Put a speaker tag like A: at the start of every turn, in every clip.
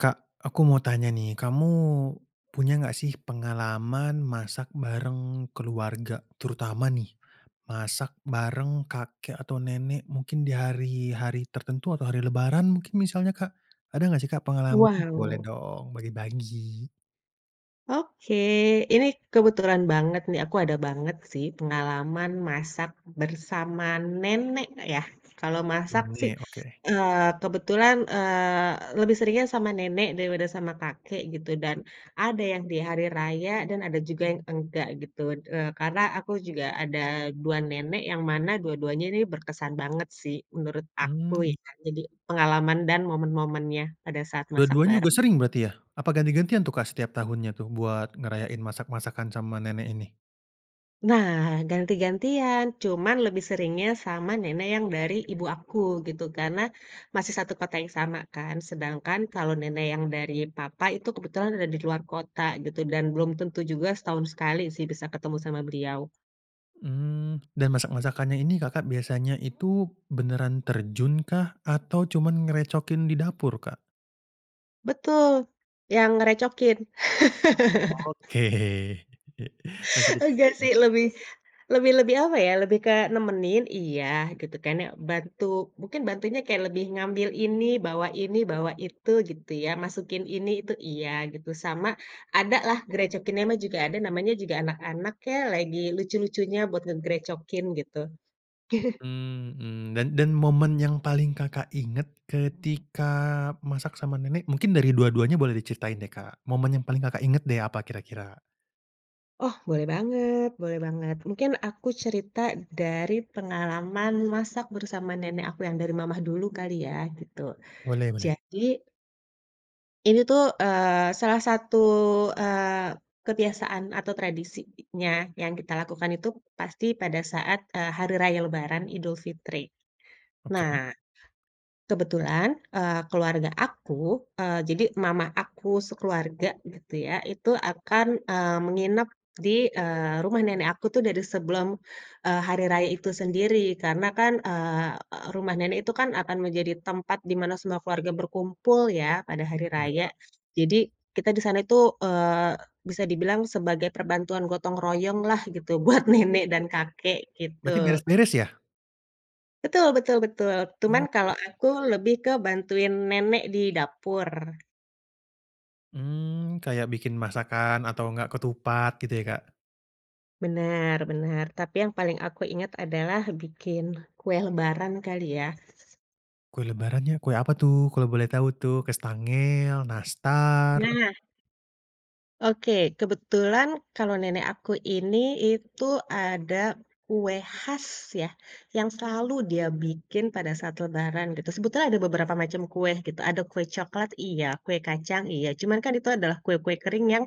A: Kak, aku mau tanya nih, kamu punya enggak sih pengalaman masak bareng keluarga terutama nih, masak bareng kakek atau nenek mungkin di hari-hari tertentu atau hari Lebaran mungkin misalnya Kak, ada enggak sih, Kak pengalamannya? Boleh
B: Wow.
A: dong bagi-bagi.
B: Oke, ini kebetulan banget nih aku ada banget sih pengalaman masak bersama nenek, Kak, ya. Kalau masak sih,
A: Nenek, oke.
B: eee, kebetulan, eee, lebih seringnya sama nenek daripada sama kakek gitu, dan ada yang di hari raya dan ada juga yang enggak gitu, d eee, karena aku juga ada 2 nenek yang mana dua-duanya ini berkesan banget sih menurut aku
A: Mmm.
B: ya, jadi pengalaman dan momen-momennya pada saat masak
A: Dua-duanya
B: bareng.
A: juga sering berarti ya, apa ganti-gantian tuh, Kak, setiap tahunnya tuh, buat ngerayain masak-masakan sama nenek ini?
B: Nah, ganti-gantian, cuman lebih seringnya sama nenek yang dari ibu aku gitu, karena masih 1 kota yang sama kan, sedangkan kalau nenek yang dari papa itu kebetulan ada di luar kota gitu, dan belum tentu juga setahun sekali sih, bisa ketemu sama beliau.
A: Mmm, dan masak-masakannya ini Kakak biasanya itu beneran terjun kah atau cuman ngerecokin di dapur, Kak?
B: Betul, yang ngerecokin.
A: Oke, masih kecil
B: Nggak
A: ya?
B: sih, lebih, lebih lebih apa ya, lebih kayak nemenin iya, gitu kan ya, bantu mungkin bantunya kayak lebih ngambil ini, bawa ini, bawa itu gitu ya, masukin ini, itu, iya gitu, sama adalah grecokinnya mah juga ada, namanya juga anak-anak ya, lagi lucu-lucunya buat ngegrecokin gitu.
A: Mmm mmm dan dan momen yang paling Kakak inget ketika masak sama nenek, mungkin dari dua-duanya boleh diceritain deh, Kak. Momen yang paling Kakak inget deh apa kira-kira?
B: Oh, boleh banget boleh banget, mungkin aku cerita dari pengalaman masak bersama nenek aku yang dari mama dulu kali ya, gitu.
A: Boleh boleh.
B: Jadi ini tuh, eee, salah satu, eee, kebiasaan atau tradisinya yang kita lakukan itu pasti pada saat, eee, hari raya Lebaran Idul Fitri.
A: Oke.
B: Nah, kebetulan, eee, keluarga aku, eee, jadi mama aku sekeluarga gitu ya, itu akan, eee, menginap di, eee, rumah nenek aku tuh dari sebelum, eee, hari raya itu sendiri. Karena kan, eee, e e rumah nenek itu kan akan menjadi tempat di mana semua keluarga berkumpul ya, pada hari raya.
A: Iya.
B: Jadi kita di sana itu, eee, bisa dibilang sebagai perbantuan gotong royong lah gitu, buat nenek dan kakek
A: Berarti
B: gitu.
A: beres-beres ya?
B: Betul betul betul, tuman
A: Oke.
B: kalau aku lebih ke bantuin nenek di dapur.
A: Mmm, kayak bikin masakan atau enggak ketupat gitu ya, Kak?
B: Bener bener, tapi yang paling aku ingat adalah bikin kue Lebaran kali ya.
A: Kue Lebarannya, kue apa tuh kalau boleh tahu tuh, kastangel, nastar?
B: Nah Oke, kebetulan kalau nenek aku ini itu ada kue khas ya, yang selalu dia bikin pada saat Lebaran gitu, sebetulnya ada beberapa macam kue gitu, ada kue coklat iya, kue kacang iya, cuman kan itu adalah kue-kue kering yang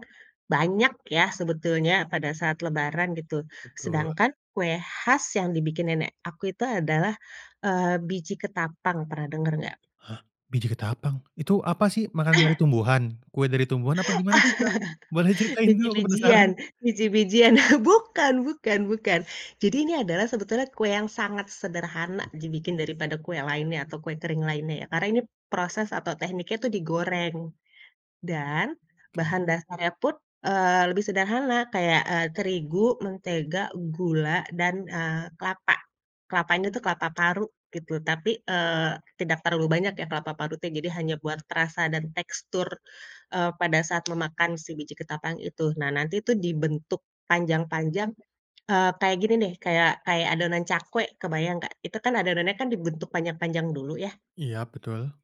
B: banyak ya, sebetulnya pada saat Lebaran gitu.
A: Betul.
B: Sedangkan kue khas yang dibikinin nenek aku itu adalah, eee, biji ketapang, pernah denger nggak?
A: Hah? Biji ketapang? Itu apa sih makanan dari tumbuhan, kue dari tumbuhan apa gimana tuh, Kak? Boleh ceritain dulu aku penasaran.
B: Biji-bijian biji-bijian bukan bukan bukan. Jadi ini adalah sebetulnya kue yang sangat sederhana dibikin daripada kue lainnya atau kue kering lainnya ya, karena ini proses atau tekniknya itu digoreng dan
A: Oke.
B: bahan dasarnya pun, eee, lebih sederhana, kayak, eee, terigu, mentega, gula, dan, eee, kelapa. Kelapa ini tuh kelapa parut gitu, tapi, eee, tidak terlalu banyak ya, kelapa parutnya, jadi hanya buat perasa dan tekstur, eee, pada saat memakan si biji ketapang itu. Nah, nanti itu dibentuk panjang-panjang, eee, kayak gini nih, kayak kayak adonan cakwe kebayang nggak? Itu kan adonannya kan dibentuk panjang-panjang dulu ya.
A: Iya betul.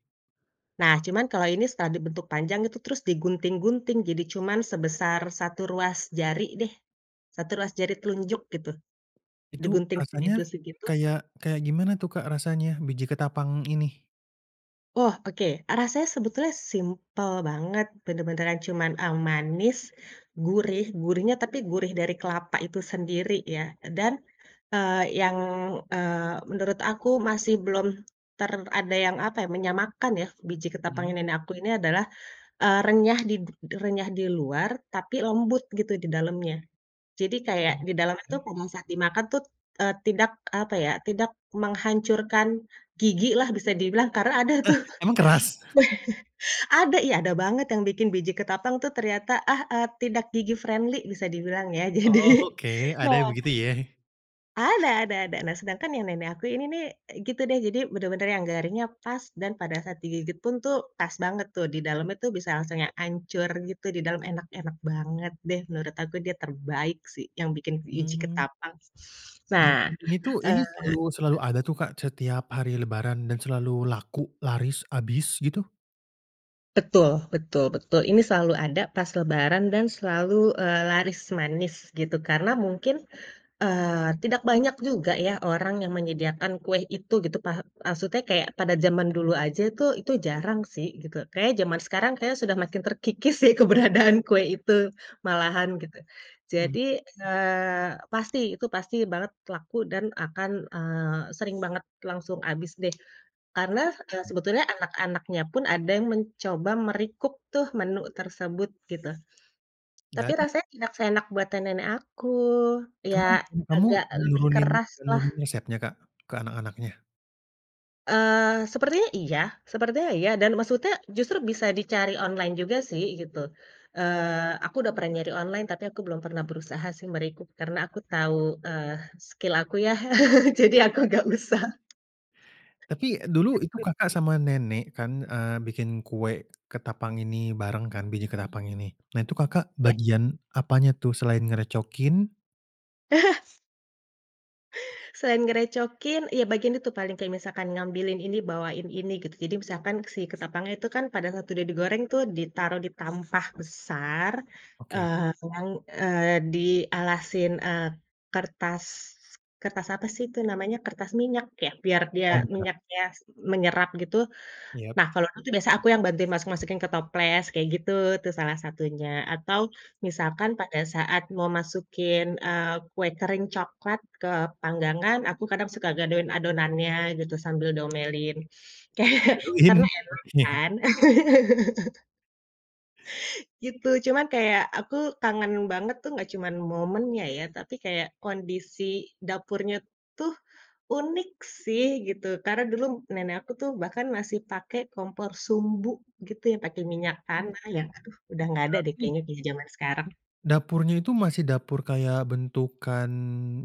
B: Nah, cuman kalau ini setelah dibentuk panjang itu terus digunting-gunting, jadi cuman sebesar 1 ruas jari deh, 1 ruas jari telunjuk gitu,
A: Itu
B: digunting
A: rasanya
B: segitu-segitu.
A: kayak kayak gimana tuh, Kak, rasanya biji ketapang ini?
B: Oh, oke. E rasanya sebetulnya simpel banget, bener-beneran cuman e manis, gurih gurihnya tapi gurih dari kelapa itu sendiri ya, e dan, eee, yang, eee, menurut aku masih belum ter ada yang apa ya, menyamakan ya, biji ketapangnya,
A: Mhm.
B: nenek aku ini adalah, eee, renyah di d renyah di luar tapi lembut gitu di dalamnya, jadi kayak di dalamnya itu
A: Oke.
B: kalo misal dimakan tut, eee, tidak apa ya, tidak menghancurkan gigi lah bisa dibilang, karena ada
A: Eh,
B: tuh
A: emang keras?
B: ada, ih ada banget yang bikin biji ketapang tuh ternyata ah eee, tidak gigi friendly bisa dibilang ya,
A: Oh
B: jadi
A: oke, ada ya
B: nah
A: begitu ya?
B: ada ada ada, nah sedangkan yang nenek aku ini nih, e gitu deh, jadi bener-bener yang garingnya pas dan pada saat digigit pun tuh pas banget tuh di dalamnya tuh bisa langsung yang hancur gitu, di dalam enak-enak banget deh, menurut aku dia terbaik sih yang bikin biji
A: Mmm.
B: ketapang.
A: Dan
B: Nah,
A: ini tuh,
B: eee
A: ini selalu selalu ada tuh, Kak, setiap hari Lebaran dan selalu laku, laris, habis gitu?
B: Betul betul betul, ini selalu ada pas Lebaran dan selalu, eee, laris manis gitu, karena mungkin, eee, tidak banyak juga ya, orang yang menyediakan kue itu gitu, paha maksudnya kayak pada zaman dulu aja itu itu jarang sih gitu, kayaknya zaman sekarang kayaknya sudah makin terkikis deh keberadaan kue itu, malahan gitu.
A: Mmm.
B: Jadi, eee, pasti itu pasti banget laku dan akan, eee, sering banget langsung habis deh, karena, eee, sebetulnya anak-anaknya pun ada yang mencoba me-recook tuh menu tersebut gitu. Tapi
A: Dan?
B: rasanya tidak seenak buatan nenek aku,
A: Emang
B: ya
A: ibu kamu
B: agak lebih
A: nurunin
B: keras lah.
A: nurunin resepnya, Kak, ke anak-anaknya?
B: Eee, sepertinya iya sepertinya iya, dan maksudnya justru bisa dicari online juga sih, gitu, eee, aku udah pernah nyari online, tapi aku belum pernah berusaha sih me-recook, karena aku tahu, eee, skill aku ya, jadi aku nggak usah.
A: Tapi e dulu itu
B: Gitu.
A: Kakak sama nenek kan, eee, bikin kue ketapang ini bareng kan, biji ketapang ini. Nah, itu Kakak
B: Iya.
A: bagian apanya tuh selain ngerecokin?
B: Selain ngerecokin, iya bagian itu paling, kayak misalkan ngambilin ini, bawain ini gitu, jadi misalkan si ketapangnya itu kan pada saat udah digoreng tuh ditaruh di tampah besar,
A: Oke.
B: eee, yang, eee, dialasin, eee, kertas, kertas apa sih itu namanya, kertas minyak ya, biar dia
A: Oh iya.
B: minyaknya s menyerap gitu.
A: Iya.
B: Nah kalau itu aku biasanya aku yang bantu masuk-masukin ke toples kayak gitu, itu salah satunya atau misalkan pada saat mau masukin, eee, kue kering coklat ke panggangan, aku kadang suka gadoin adonannya gitu, sambil diomelin. Ke karena
A: Digadohin,
B: enak
A: oke.
B: kan. Gitu, cuman kayak aku kangen banget tuh nggak cuman momennya ya, tapi kayak kondisi dapurnya tuh unik sih gitu. Karena dulu nenek aku tuh bahkan masih pakai kompor sumbu gitu, yang pakai
A: Itu,
B: minyak
A: itu
B: tanah, yang aduh! Udah nggak ada deh
A: berarti
B: kayaknya di zaman sekarang.
A: dapurnya itu masih dapur kayak bentukan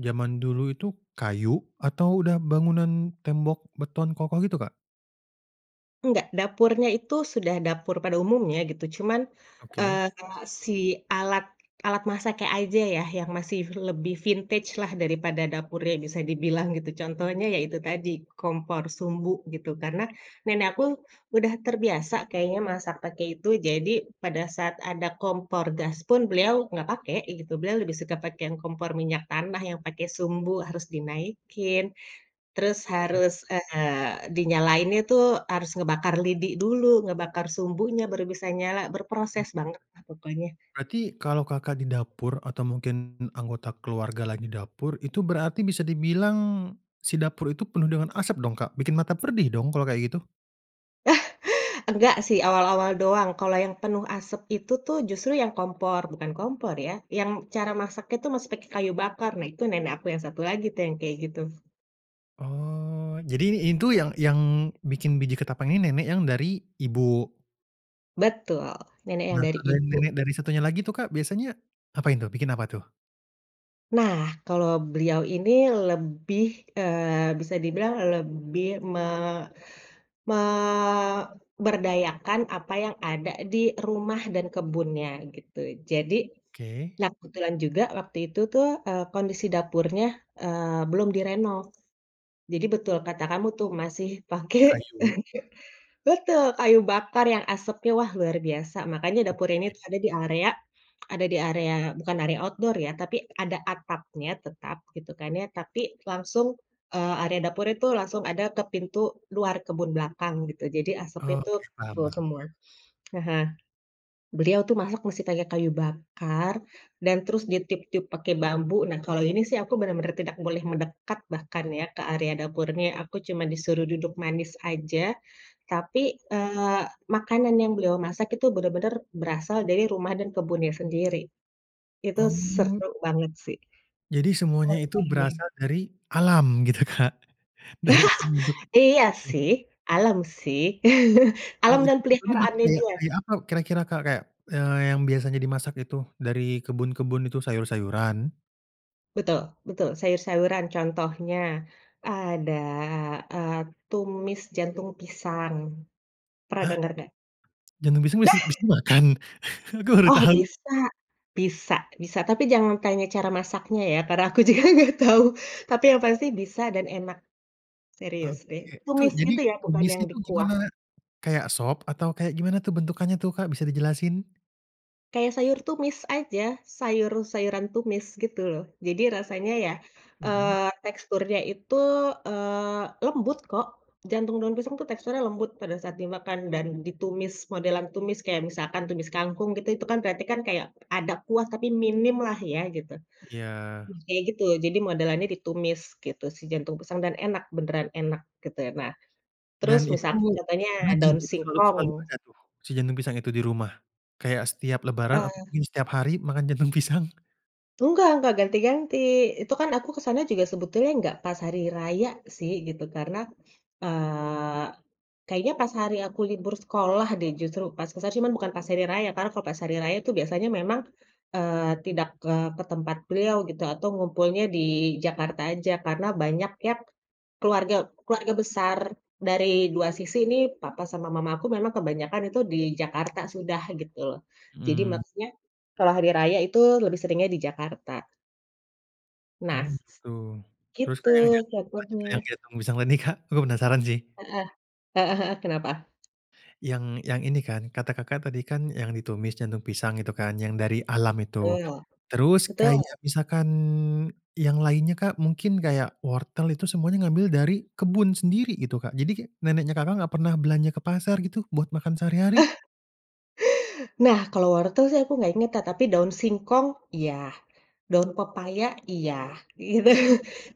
A: zaman dulu itu kayu atau udah bangunan tembok beton kokoh gitu, Kak?
B: Enggak, dapurnya itu sudah dapur pada umumnya gitu, cuman,
A: Oke.
B: eee, kalau si alat alat masaknya aja ya, yang masih lebih vintage lah, daripada dapurnya bisa dibilang gitu, contohnya ya itu tadi, kompor sumbu gitu. Karena, nenek aku udah terbiasa kayaknya masak pakai itu, jadi pada saat ada kompor gas pun, beliau nggak pakai gitu, beliau lebih suka pakai yang kompor minyak tanah yang pakai sumbu harus dinaikin, terus
A: Mmm.
B: harus, eee, dinyalainnya tuh harus ngebakar lidi dulu, ngebakar sumbunya baru bisa nyala,
A: M
B: berproses bangetlah pokoknya.
A: berarti berarti kalau Kakak di dapur atau mungkin anggota keluarga lagi dapur, itu berarti bisa dibilang si dapur itu penuh dengan asap dong, Kak, bikin mata perih dong kalau kayak gitu?
B: Enggak sih awal-awal doang, kalau yang penuh asap itu tuh justru yang kompor, bukan kompor ya, yang cara masaknya itu masih pakai kayu bakar, nah itu nenek aku yang satu lagi tuh yang kayak gitu.
A: Oh, jadi in ini tuh yang yang bikin biji ketapang ini nenek yang dari ibu?
B: Betul, nenek yang
A: Nah,
B: dari
A: kalau
B: ibu.
A: nenek dari satunya lagi tuh, Kak, biasanya ngapain tuh bikin apa tuh?
B: Nah, kalau beliau ini lebih, eee, bisa dibilang lebih me memberdayakan apa yang ada di rumah dan kebunnya gitu, jadi
A: Oke.
B: nah, kebetulan juga waktu itu tuh, eee, kondisi dapurnya, eee, belum direnov. Jadi betul kata kamu tuh, masih pakai
A: Kayu.
B: betul, kayu bakar yang asapnya, wah luar biasa. Makanya dapur ini
A: Oke.
B: tuh ada di area ada di area bukan area outdoor ya, tapi ada atapnya tetap gitu kan ya, tapi langsung, eee, area dapurnya itu langsung ada ke pintu luar kebun belakang gitu, jadi asapnya itu
A: Oke,
B: ke situ
A: paham paham.
B: semua. Heeh. Beliau tuh masak masih pakai kayu bakar dan terus ditiup-tiup pakai bambu, nah kalau ini sih aku benar-benar tidak boleh mendekat bahkan ya, ke area dapurnya, aku cuma disuruh duduk manis aja. Tapi, eee, makanan yang beliau masak itu benar-benar berasal dari rumah dan kebunnya sendiri, itu
A: Oh.
B: seru banget sih.
A: Jadi semuanya itu
B: Oke, deh.
A: berasal dari alam gitu, Kak, dari alam untuk
B: Iya
A: mmm.
B: sih, alam sih,
A: Oh
B: alam
A: itu,
B: dan
A: contohnya berarti
B: peliharaannya
A: kayak
B: dia.
A: kayak apa kira-kira, Kak? Kayak, eee, yang biasanya dimasak itu dari kebun-kebun itu, sayur-sayuran?
B: Betul betul, sayur-sayuran, contohnya ada, eee, tumis jantung pisang. Pernah
A: Hah?
B: denger nggak?
A: Jantung pisang
B: Nah!
A: bisa bi dimakan? Aku baru
B: Oh
A: tau.
B: bisa, bisa bisa. Tapi jangan tanya cara masaknya ya, karena aku juga nggak tahu, tapi yang pasti bisa dan enak, serius deh.
A: Oke, itu
B: Tumis
A: jadi
B: itu ya, bukan yang
A: tumisnya itu
B: dikuah.
A: gimana? Kayak sop atau kayak gimana tuh bentukannya tuh, Kak, bisa dijelasin?
B: Kayak sayur tumis aja, sayur-sayuran tumis gitu loh, jadi rasanya ya,
A: Mhm.
B: eee, teksturnya itu, eee, lembut kok, jantung daun pisang tuh teksturnya lembut pada saat dimakan dan ditumis, modelan tumis kayak misalkan tumis kangkung gitu, itu kan berarti kan kayak ada kuah tapi minimlah ya gitu.
A: Iya.
B: Nah, kayak gitu, jadi modelannya ditumis gitu si jantung pisang dan enak, beneran enak gitu. Nah, terus
A: Dan
B: misalkan
A: itu
B: contohnya
A: rajin
B: daun
A: itu selalu selalu
B: singkong
A: ada tuh si jantung pisang itu di rumah, kayak setiap lebaran atau
B: Eee.
A: mungkin setiap hari makan jantung pisang?
B: Enggak enggak, ganti-ganti. Itu kan aku kesananya juga sebetulnya gak pas hari raya sih gitu, karena, eee, kayaknya pas hari aku libur sekolah deh justru, pas ke sana. Cuma bukan pas hari raya, karena kalo pas hari raya itu biasanya memang, eee, tidak ke ke tempat beliau gitu atau ngumpulnya di Jakarta aja, karena banyak yang keluarga keluarga besar dari 2 sisi nih, papa sama mamaku memang kebanyakan itu di Jakarta sudah, gitu loh. Jadi
A: Mhm.
B: maksudnya, setelah hari raya itu lebih seringnya di Jakarta. Nah,
A: Oh gitu, terus, Kak, yang yang
B: gitu,
A: jantung lanjut yang
B: contohnya.
A: jantung pisang tadi Kak, aku penasaran sih.
B: Heeh, heeh heeh, kenapa?
A: Yang yang ini kan, kata Kakak tadi kan yang ditumis jantung pisang itu kan yang dari alam itu,
B: Tul,
A: terus
B: betul.
A: kayak misalkan yang lainnya, Kak, mungkin kayak wortel itu semuanya ngambil dari kebun sendiri gitu, Kak, jadi neneknya Kakak enggak pernah belanja ke pasar gitu, buat makan sehari-hari?
B: Nah, kalau wortel sih aku nggak ingat, ta tapi daun singkong iya, daun pepaya iya, gitu,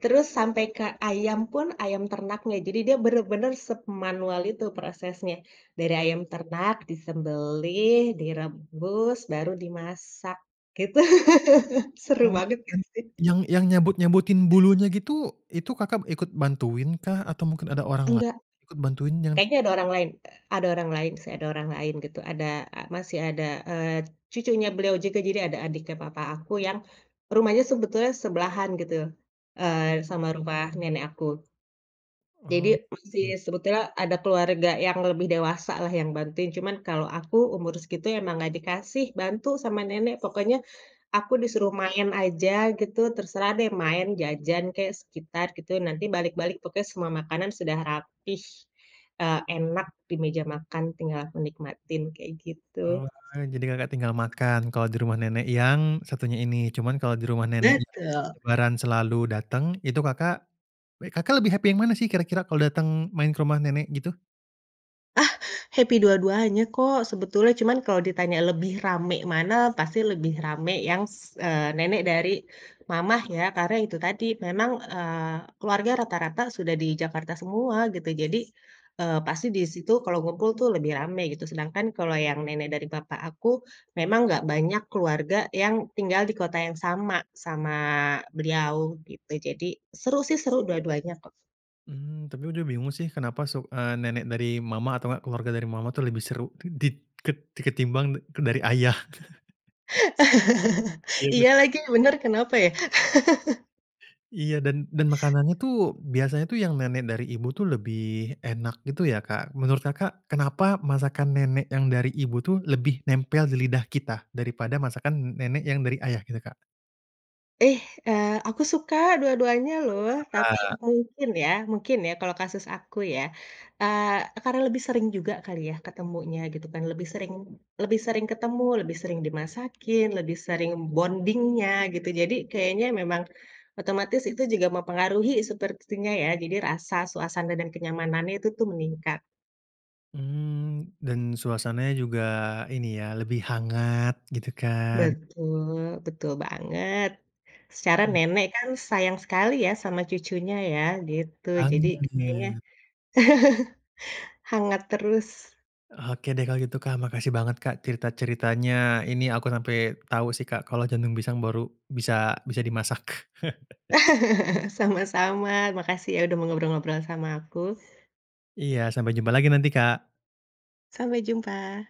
B: terus sampai ke ayam pun, ayam ternaknya. Jadi dia benar-benar semanual itu prosesnya. Dari ayam ternak disembelih, direbus, baru dimasak gitu, seru
A: Oh,
B: banget nggak
A: yang
B: sih.
A: yang yang nyabut-nyabutin bulunya gitu itu Kakak ikut bantuin kah? Atau mungkin ada orang lain
B: Enggak.
A: ikut bantuin jangan
B: Kayaknya ada orang
A: [unintelligible]
B: lain, e ada orang lain sih, ada orang lain gitu, ada e masih ada, eee, cucunya beliau juga, jadi ada adiknya papa aku yang rumahnya sebetulnya sebelahan gitu, eee, sama rumah nenek aku. Jadi, masih
A: Oke.
B: sebetulnya ada keluarga yang lebih dewasa lah yang bantuin, cuman kalau aku umur segitu emang nggak dikasih bantu sama nenek. Pokoknya aku disuruh main aja gitu, terserah deh, main jajan kek, sekitar, gitu ya, nanti balik-balik pokoknya semua makanan sudah rapih, eee, enak di meja makan, tinggal aku nikmatin, kayak gitu.
A: Oh wah, jadi Kakak tinggal makan kalau di rumah nenek yang satunya ini, cuman kalau di rumah nenek yang
B: Betul.
A: Lebaran selalu datang, itu Kakak w Kakak lebih happy yang mana sih, kira-kira kalau datang main ke rumah nenek gitu?
B: Ah, happy dua-duanya, kok, Sebetulnya, cuman kalau ditanya lebih rame mana, pasti lebih rame yang s eee, nenek dari mamah ya, karena itu tadi memang, eee, keluarga rata-rata sudah di Jakarta semua, gitu. Jadi, eee, pasti di situ kalau ngumpul tuh lebih rame gitu, sedangkan kalau yang nenek dari papah aku, memang nggak banyak keluarga yang tinggal di kota yang sama, sama beliau gitu, jadi seru, sih, seru dua-duanya, kok.
A: Mmm. Tapi udah bingung, sih, kenapa suk eee, nenek dari mama atau nggak keluarga dari mama itu lebih seru k dit ket ti ketimbang de dari ayah. Iya
B: Iya
A: benar.
B: lagi, bener kenapa ya?
A: Iya, dan dan makanannya, tuh, biasanya itu yang nenek dari ibu itu lebih enak gitu, ya, Kak. Menurut Kakak, kenapa masakan nenek yang dari ibu, tuh, lebih nempel di lidah kita daripada masakan nenek yang dari ayah, gitu, Kak?
B: Ih, eee, aku suka dua-duanya,
A: Oh iya,
B: loh. Tapi
A: suka.
B: mungkin ya mungkin ya, kalau kasus aku, ya. Eee, e karena lebih sering juga kali ya, ketemunya, gitu kan. Lebih sering lebih sering ketemu, lebih sering dimasakin, lebih sering bounding-nya, gitu, jadi kayaknya memang otomatis itu juga mempengaruhi sepertinya ya, jadi rasa, suasana, dan kenyamanannya itu tuh meningkat.
A: Mmm, dan suasananya juga ini, ya, lebih hangat, gitu kan?
B: Betul, betul banget. Secara
A: Mmm.
B: nenek kan sayang sekali, ya, sama cucunya ya, gitu, jadi kayaknya
A: Banget.
B: hangat terus.
A: Oke deh, kalau gitu, Kak, makasih banget, Kak, cerita-ceritanya ini, aku sampai tahu, sih, Kak, kalau jantung pisang baru bisa bisa dimasak.
B: Sama-sama, makasih ya, udah mau ngobrol-ngobrol sama aku.
A: Iya, sampai jumpa lagi nanti, Kak.
B: Sampai jumpa.